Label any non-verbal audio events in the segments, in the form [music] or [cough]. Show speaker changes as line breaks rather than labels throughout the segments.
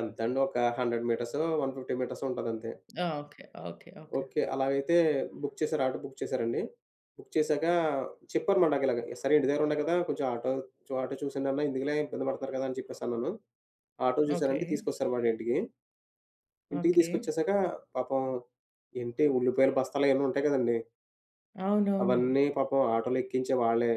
ఎంతండి ఒక 100 మీటర్సో, 150 మీటర్సో, ఉంటదంతే.
ఆ! ఓకె. ఓకె. ఓకె.
ఓకే. అలాగైతే బుక్ చేశారు, ఆటో బుక్ చేశారండి. బుక్ చేశాక, చెప్పారు మాట నాకు ఇలాగ. సరే, ఇంటి దగ్గర ఉండా కదా, కొంచెం ఆటో చో ఆటో చూసేయండన్నా ఎందుకులే ఇబ్బంది పడతారు కదా అని చెప్పేసి అన్నాను. Auto
okay.
చూశారండి, తీసుకొస్తారు వాడింటికి. ఇంటికి
ఓకె.
తీసుకొచ్చేశాక, పాపం ఏంటి ఉల్లిపాయలు బస్తాలయన్నీ ఉంటాయి కదండీ.
అవునవును.
అవన్నీ పాపం ఆటోలో ఎక్కించే వాళ్ళే,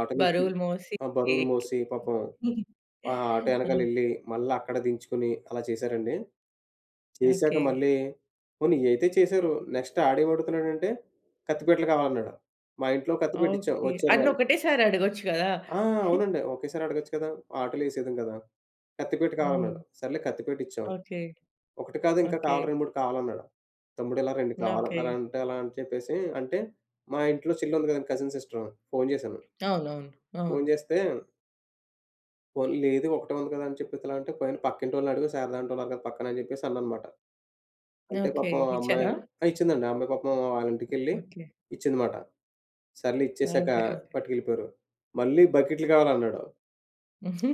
ఆటోలో ఎక్కి
బరువులు మోసి,
ఆ! బరువులు
ఎక్కి
మోసి పాపం,
[giggles]
ఆ ఆటో యెనకాల యెళ్లి,
అంతే.
మళ్ళా అక్కడ దించుకొని అలా చేశారండి. చేశాక
ఓకే.
మళ్ళీ పోనీ ఇయి అయితే చేశారు. నెక్స్ట్ ఆడేమడుగుతున్నాడంటే, కత్తిపీటలు కావాలన్నాడు. మా ఇంట్లో కత్తిపీట ఇచ్చాం.
ఓకే.
వచ్చారు
అన్నీ
వాళ్ళు
ఒకటేసారి అడగొచ్చు కదా!
ఆ!
[chuckles]
అవునండి. ఒకేసారి అడగొచ్చు కదా! ఆటోలు వేసేయుదును గదా! కత్తిపీట
హ్మ్.
కావాలన్నాడు, సర్లే కత్తిపీట ఇచ్చాం.
ఓకె.
ఒకటి కాదు, ఇంకా
ఓకె.
కావాలి. 2, 3 కావాలన్నాడు. తమ్ముడు ఇలా 2
ఓకె.
కావాలన్నారంట అలా అని చెప్పేసి అంటే, మా ఇంట్లో చెల్లుంది కదండీ, కజిన్ సిస్టరు, ఫోను జేశాను.
అవునవును.
ఫోను
అవును.
జేస్తే పోనీ లేదు ఒకటే ఉంది కదా అని చెప్పేసి అలా అంటే, పోయి నీ పక్కింటోళ్ళని అడుగు, శారదాంటి ఉన్నారు కదా! పక్కన అని చెప్పేసి అన్నానుమాట. అంటే
ఓకె.
పాపం ఆ అమ్మాయి
ఇచ్చారా?
ఆ! ఇచ్చిందండి. ఆ అమ్మాయి పాపం వాళ్ళిం‌టికెళ్లి
ఓకె.
ఇచ్చిందనమాట. సర్లే, ఇచ్చేసాక
ఓకె. ఓకె.
పట్టుకెళ్ళిపోయారు. మళ్ళీ బకెట్లు కావాలన్నాడు.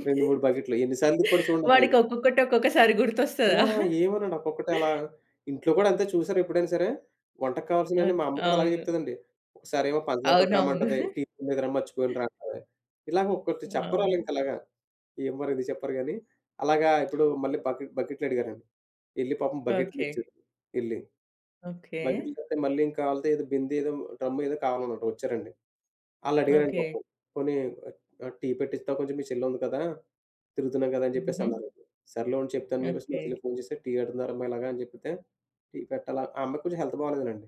2, 3 బకెట్లు. ఎన్ని సార్లు తిప్పాడు చూడండి. ఒక ఐ
వాడికి ఒక్కొక్కటి ఒక్కొక్కసారి
ఆ!
గుర్తొస్తదా!
ఏమనడు. ఒక్కొక్కటే అలా ఇంట్లో కూడా అంతే. చూశారా ఎప్పుడైనా సరే, వంటకు కావాల్సినయన్నీ
అద్
మా అమ్మ కూడా అలాగే
అవును.
చెప్తదండి. ఒకసారేమో పంచదార
అవునవును.
పట్టు‌రమ్మంటది.
[chuckles]
టీపొడి లేదురా మర్చిపోయానురా అంటది. ఇలాగ ఒకొక్కటి చెప్పరు ఆళ్ళు
అవును.
ఇంకలాగా. ఎం మరి ఎందుకు చెప్పరు గానీ. అలాగా ఇప్పుడు మళ్ళీ బకెట్ బకెట్లడిగారండి. యెళ్లి పాపం బకెట్లు
ఓకె.
ఇచ్చారు యెళ్లి.
ఓకే.
బకెట్లు తరవాత మళ్ళీ ఇంకాలీదేదో బిందేదో, డ్రమ్ ఏదో కావాలనంట వచ్చారండి. ఆళ్ళు అడిగారండి
ఓకె.
పాపం. "పోనీ, ఆ! టీ పెట్టిస్తావా? కొంచెం మీ చెల్లి ఉంది కదా! తిరుగుతున్నాం కదా," అని చెప్పేసి
హుహుహు.
అన్నారొకరు. సర్లే ఉండు చెప్తాను అని చెప్పేసి మా
ఓకె.
చెల్లికి ఫోను చేసి టీ అడుగుతున్నారమ్మ ఇలాగా అని జెబితే, టీ పెట్టాలా ఆ అమ్మాయికి కొంచెం హెల్త్ బాగోలేదనండి.